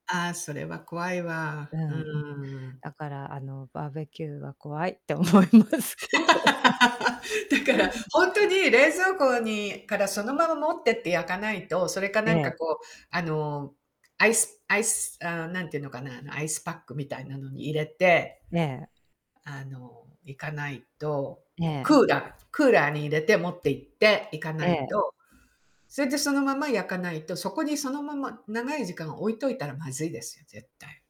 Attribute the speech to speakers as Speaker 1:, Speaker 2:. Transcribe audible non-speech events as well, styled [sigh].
Speaker 1: ああ、それは怖いわ。
Speaker 2: う
Speaker 1: う
Speaker 2: ん、
Speaker 1: ん。
Speaker 2: だからあのバーベキューは怖いって思います
Speaker 1: [laughs]
Speaker 2: けど。
Speaker 1: だか
Speaker 2: うん。
Speaker 1: ら、本当に冷蔵庫にからそのまま持ってって焼かないと、それか
Speaker 2: え
Speaker 1: なん
Speaker 2: え。
Speaker 1: かこうあの、アイス-アイス、あ、何て言うのかな、アイスパックみたいなのに入れて、
Speaker 2: ええ。
Speaker 1: あの、いかないと、
Speaker 2: え
Speaker 1: ク
Speaker 2: え。
Speaker 1: ーラー、クーラーに入れて持っていっていか
Speaker 2: え
Speaker 1: ない
Speaker 2: え。
Speaker 1: と。それでそのまま焼かないと、そこにそのまま長い時間置いといたらまずいですよ、絶対。